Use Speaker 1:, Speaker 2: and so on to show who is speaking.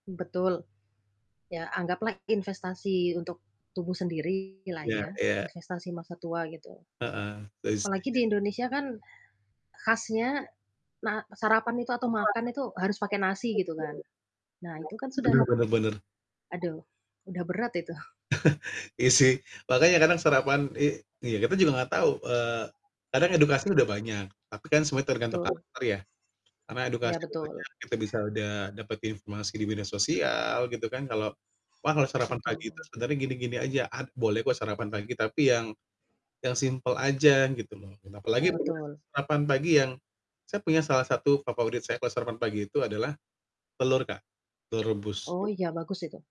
Speaker 1: Betul. Ya, anggaplah investasi untuk tubuh sendiri lah
Speaker 2: Iya
Speaker 1: ya,
Speaker 2: iya.
Speaker 1: investasi masa tua, gitu.
Speaker 2: Heeh, saya
Speaker 1: Apalagi
Speaker 2: setuju.
Speaker 1: di Indonesia kan khasnya ma sarapan itu atau makan itu harus pakai nasi gitu kan. Nah itu kan sudah
Speaker 2: Bener bener bener.
Speaker 1: aduh udah berat itu.
Speaker 2: Iya sih. Makanya kadang sarapan i iya kita juga enggak tahu, eee, kadang edukasi udah banyak, tapi kan semuanya tergantung
Speaker 1: Betul.
Speaker 2: karakter ya. Karena
Speaker 1: Iya,
Speaker 2: edukasi udah
Speaker 1: betul.
Speaker 2: banyak, kita bisa udah dapet informasi di media sosial gitu kan, kalau wah, kalau sarapan pagi itu
Speaker 1: Betul.
Speaker 2: sebenernya gini-gini aja, ad boleh kok sarapan pagi, tapi yang yang simpel aja, gitu loh. Dan apalagi
Speaker 1: Iya,
Speaker 2: [unintelligible]
Speaker 1: betul.
Speaker 2: sarapan pagi yang saya punya salah satu favorit saya kalau sarapan pagi itu adalah telur Kak, telur rebus.
Speaker 1: Oh, iya
Speaker 2: [unintelligible]
Speaker 1: bagus itu.